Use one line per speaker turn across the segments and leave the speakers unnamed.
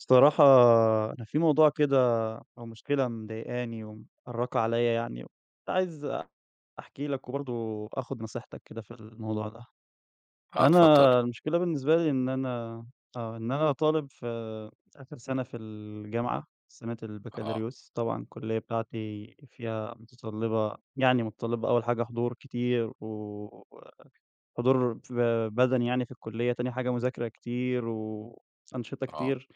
الصراحة أنا في موضوع كده أو مشكلة مضايقاني ومأرّقة عليّا يعني وكنت عايز أحكي لك وبرضه آخُد نصيحتك كده في الموضوع ده.
آه اتفضّل.
أنا المشكلة بالنسبة لي إن أنا آه. إن أنا طالب في آخِر سَنة في الجامعة سَنة
آه.
البكالوريوس، طبعًا الكُلّية بتاعتي فيها مُتَطلِّبة يعني مُتَطلِّبة أول حاجة حضور كتير و حضور ب بَدَني يعني في الكُلّية، تاني حاجة مذاكرة كتير وأنشطة
آه.
كتير.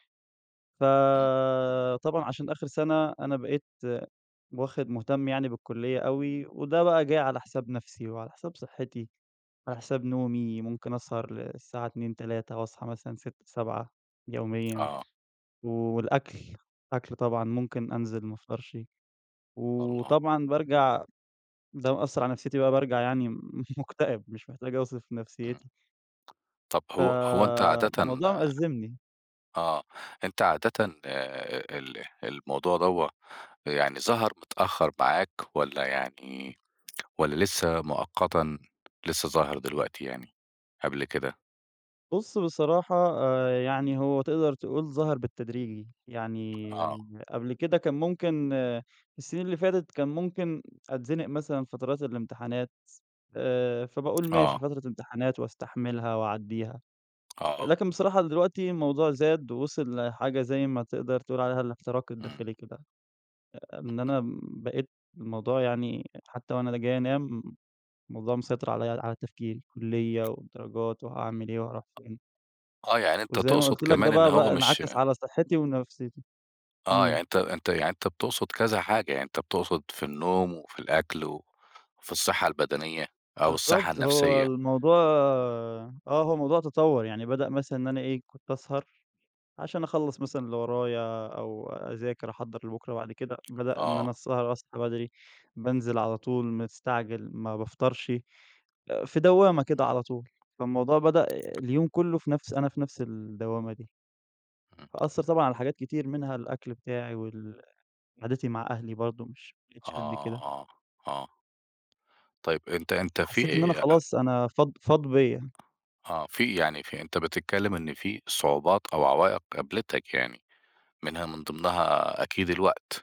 إمم.
فطبعًا عشان آخِر سَنة، أنا بقيت واخِد مُهتم يعني بالكُلّية أوي وده بقى جِه على حساب نفسي وعلى حساب صحّتي، على
إمم.
حساب نومي، ممكن أسهر للساعة 02:00، 03:00 وأصحى مثلًا 06:00، 07:00 يوميًا
آه.
والأكل، أكل طبعًا، ممكن أنزل ما أفطرش
والله.
وطبعًا بارجع ده مأثّرعلى نفسيتي بقى بارجع يعني مُكتئب، مش محتاج أوصف
إمم.
نفسيّتي.
طَب هو هو أنت عادةً
فالموضوع مأزّمني.
آه. أنت عادةً آآ ال الموضوع دوًة آآ يعني ظَهَر متأخّر معاك والّا يعني والّا لسّه مؤقتًا لسّه ظاهر دلوقتي يعني قبل كده؟
بُص بصراحة آآ يعني هو تقدر تقول ظَهَر بالتدريجي. يعني
آه.
قبل كده كان ممكن السِنين اللي فاتت كان ممكن أتزنق مثلًا فترات الامتحانات، آآ فباقول ماشي
آه.
فترة امتحانات واستحملها وأعدّيها،
آه.
لكن بصراحة دلوقتي الموضوع زاد ووِصل لحاجة زي ما تقدر تقول عليها الإحتراق
إمم.
الداخلي كده. إن
[unintelligible]
أنا م بقيت الموضوع يعني حتّى وأنا جاي أنام، الموضوع مسيطر عليّا على تفكيري. الكُلّية والدرجات وهاعمل إيه وهاروح فين.
آه. يعني أنت
وزي ما
تقصد
قُلت لك ده
كمان إن
بقى
هو
بقى
مش
انعكس على صحّتي ونفسيتي.
آه.
إمم.
يعني أنت أنت يعني أنت بتقصد كذا حاجة، يعني أنت بتقصد في النوم وفي الأكل وفي الصحّة البدنيّة أو الصحّة
بالضبط. هو
النفسيّة.
الموضوع آه. هو الموضوع تطوَّر، يعني بدأ مثلًا إن أنا إيه، كنت أسهر عشان أخلّص مثلًا اللي ورايا أو أذاكر أحضّر لبُكرة وبعد كده بدأ إن أنا
آه.
السهر أصحى بدري، بانزل على طول مستعجل ما بافطرش، آآ في دوّامة كده
إمم.
على طول. فالموضوع بدأ اليوم كُلّه في نفس أنا في نفس الدوّامة دي.
إمم.
أثّر طبعًا على حاجات كتير منها الأكل بتاعي وال قعدتي مع أهلي برضه مش ما
آه،
بقيتش قد كده.
آه، آه. طيب، أنت أنت
فحسّيت إن أنا
في أ
خلاص أنا فاض فاض بيّا.
آه. في يعني في أنت بتتكلّم إن في صعوبات أو عوائِق قابلتك يعني منها من ضمنها أكيد الوقت.